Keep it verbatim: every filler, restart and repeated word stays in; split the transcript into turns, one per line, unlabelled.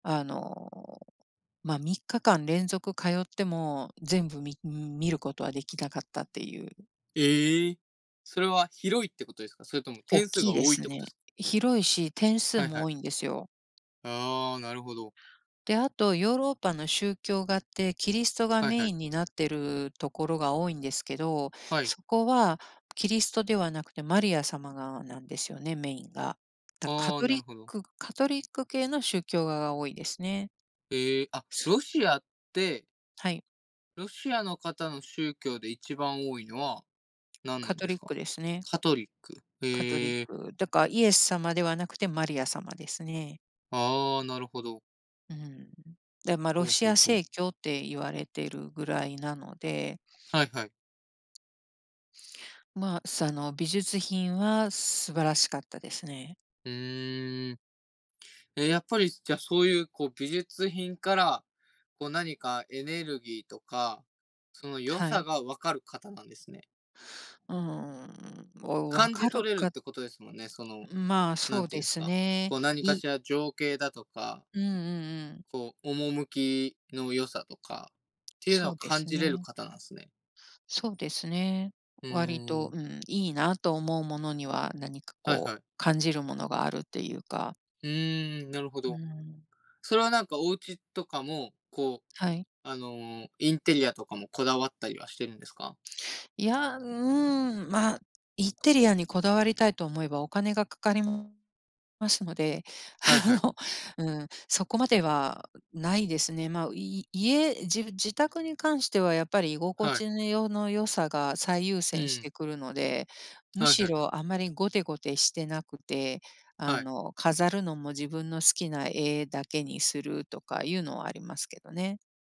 あの、ま、みっか間連続通っても、全部み見ることはできなかったっていう。
ええ？それは広いってことですか？それとも
おっ
点数
き
が
いで
多いっ
す
てこ
ね。
とです？
広いし、点数
はいは
も
い。
多いんですよ。
ああ、なるほど。
で、あと、ヨーロッパの宗教画って、キリストが
はい
メ
は
イ
い。
ンになってるところが多いんですけど、
はい。
そこはキリストではなくて、マリア様がなんですよね、メインが。だ、カ
ああ、
ト
な
リ
る
ッ
ほど。
クカトリック系の宗教画が多いですね。
へえ。あ、ロシアって
はい。
ロシアの方の宗教で、一番多いのは、何な
カ
ん
ト
です
リッ
か？
クですね。
カトリック、
カトリッ
へえ。
ク。だからイエス様ではなくてマリア様ですね。
ああ、なるほど。
うん。で、ま、ロ
ほう
シ
ほう
ア
ほう。
正教って言われてるぐらいなので。
はいはい。
まあ、さの、美術品は素晴らしかったですね。
ふーん。え、やっぱり、じゃ、そういう、こう、美術品から、こう、何かエネルギーとか、その良
は
さ
い。
が分かる方なんですね。
うーん、もう、分
感じ
かる
取れるっ
かっ
てことですもんね。その、
うん、まあ、
な
そ
ん
う
てい
で
うんです
す
か、
ね。
こう、何か
い
しら情景だとか
うんうんうん。
こう、趣きの良さとかっていうの
そ
を
うで
感
す
じれる
ね。
方なんすね。
そうですね。
ふ
割
ー
と、
ん。
うん、いいなと思うものには、何か、
はい
こ
は
う、
い。
感じるものがあるっていうか。
うーん、なるほ
う
ど。
ん。
それは、なんか、お家とかも、こう、
はい。
あの、インテリアとかもこだわったりはしてるんですか？
いや、うん、ま、インテリアにこだわりたいと思えばお金がかかりますので、
はい
あ
はい。
の、うん、そこまではないですね。まあい家、じ自宅に関しては、やっぱり、居心
はい。
地のよの良さが最優
う
先し
ん。
てくるので、む
はい
し
はい。
ろあんまりゴテゴテしてなくて、
は
あ
い。
の、飾るのも自分の好きな絵だけにするとかいうのはありますけどね。